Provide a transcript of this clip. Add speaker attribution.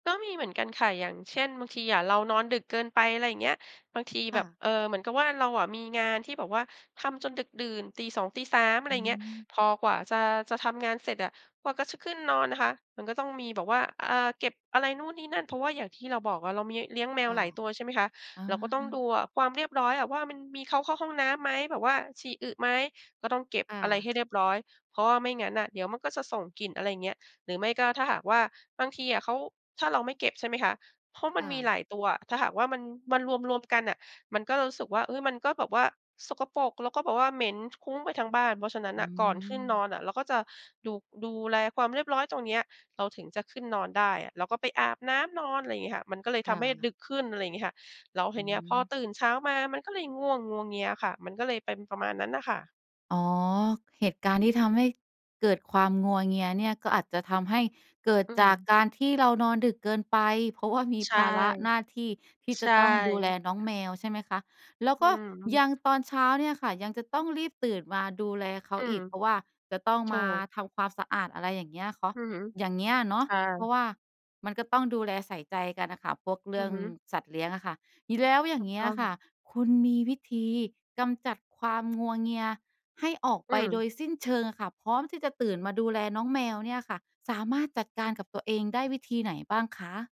Speaker 1: ก็มีเหมือนกันค่ะ อย่างเช่น บางทีอะเรานอนดึกเกินไป อะไรอย่างเงี้ย บางที
Speaker 2: ค
Speaker 1: แบ
Speaker 2: ่
Speaker 1: บ
Speaker 2: ะ
Speaker 1: เอ่อ เหมือนกับว่า เราอะมีงานที่แบบว่าทำจนดึกดื่น ตี 2 ตี 3 อะไ
Speaker 2: อ
Speaker 1: ร
Speaker 2: ื
Speaker 1: อย่างเงี้ย
Speaker 2: ม
Speaker 1: พอกว่า จะ จะทำงานเสร็จอะกว่า ก จะขึ้นนอนนะคะ มันก็ต้องมีแบบว่า อ่า เก็บอะไรนู่นนี่นั่น เพราะว่าอย่างที่เราบอกอะ เรามีเลี้ยงแม
Speaker 2: ค
Speaker 1: ว
Speaker 2: ่
Speaker 1: ห
Speaker 2: ะ
Speaker 1: ลายตัว ใช่ไหมคะ
Speaker 2: อ
Speaker 1: เราก็ต้องด
Speaker 2: า
Speaker 1: ูอะความเรียบร้อยอะว่า มันมีเขาเข้าห้องน้ำไหม แบบว่าฉี่อึไหม ก็ต้องเก็บ
Speaker 2: ค่
Speaker 1: อะไร
Speaker 2: ะ
Speaker 1: ให้เรียบร้อย เพราะว่าไม่งั้นอะเดี๋ยวมันก็จะส่งกลิ่น อะไรอย่างเงี้ย หรือไม่ก็ ถ้าหากว่า บางทีอะเขา ถ้าเราไม่เก็บ ใช่ไหมคะ เพราะมั
Speaker 2: ค
Speaker 1: น
Speaker 2: ่
Speaker 1: มีหล
Speaker 2: ะ
Speaker 1: ายตัว ถ้าหากว่า มัน มันรวม ๆ กันอะ มันก็รู้สึกว่า เอ๊ย มันก็แบบว่าสกปรก แล้วก็แบบเหม็นคุ้งไปทั้งบ้าน เพราะฉะนั้น
Speaker 2: อื
Speaker 1: น่ะก่อนขึ้นน
Speaker 2: ม
Speaker 1: อนอะ เราก็จะ ดู ดูแลความเรียบร้อยตรงเนี้ย เราถึงจะขึ้นนอนได้อะ เราก็ไปอาบน้ำนอน อะไรอย่างเงี้ยค่ะ มันก็เลย
Speaker 2: ค
Speaker 1: ท
Speaker 2: ่
Speaker 1: ำให้
Speaker 2: ะ
Speaker 1: ดึกขึ้น อะไรอย่างเงี้ยค่ะ แล้วท
Speaker 2: อ
Speaker 1: ี
Speaker 2: ื
Speaker 1: เนี้ยพอ
Speaker 2: ม
Speaker 1: ตื่นเช้ามา มันก็เลยง่วงงัวเงียค่ะ มันก็เลยเป็นประมาณนั้นน่ะค่ะ
Speaker 2: อ๋อ เหตุการณ์ที่ทำให้เกิดความงัวเงียเนี่ย ก็อาจจะทำให้เกิด
Speaker 1: อื
Speaker 2: จาก
Speaker 1: ม
Speaker 2: การที่เรานอนดึกเกินไป เพราะ ว่า มี
Speaker 1: ใช
Speaker 2: ภ
Speaker 1: ่
Speaker 2: าระหน้าที่ ที่
Speaker 1: ใ
Speaker 2: จ
Speaker 1: ช
Speaker 2: ะ
Speaker 1: ่
Speaker 2: ต้องดูแลน้องแมว ใช่ไหมคะ แล้ว
Speaker 1: อื
Speaker 2: ก็
Speaker 1: อฮ
Speaker 2: ย
Speaker 1: ึ
Speaker 2: ัง ตอนเช้าเนี่ยค่ะ ยังจะต้องรีบตื่นมาดูแลเขา
Speaker 1: อื
Speaker 2: อ
Speaker 1: ม
Speaker 2: ีก เพราะว่าจะต้อง
Speaker 1: ถ
Speaker 2: ม
Speaker 1: ู
Speaker 2: า
Speaker 1: ก
Speaker 2: ทำความสะอาด อะไรอย่างเงี้ยเคาะ
Speaker 1: อือฮึ
Speaker 2: อย่างเงี้ยเนาะ
Speaker 1: ใช่
Speaker 2: เพราะว่า มันก็ต้องดูแลใส่ใจกันอะค่ะ พวกเร
Speaker 1: อ
Speaker 2: ื
Speaker 1: ื
Speaker 2: ่
Speaker 1: อ
Speaker 2: อง
Speaker 1: ฮึ
Speaker 2: สัตว์เลี้ยงอะค่ะ อีแล้วอย
Speaker 1: ถ
Speaker 2: ่
Speaker 1: ู
Speaker 2: าง
Speaker 1: ก
Speaker 2: เงี้
Speaker 1: ต
Speaker 2: ย
Speaker 1: ้
Speaker 2: อ
Speaker 1: อ
Speaker 2: ะ
Speaker 1: ง
Speaker 2: ค่ะ คุณมีวิธีกำจัดความงัวเงียให้ออก
Speaker 1: อื
Speaker 2: ไปโด
Speaker 1: ม
Speaker 2: ยสิ้นเชิงอะค่ะ พร้อมที่จะตื่นมาดูแลน้องแมวเนี่ยค่ะ สามารถจัดการกับตัวเองได้วิธีไหนบ้างคะ?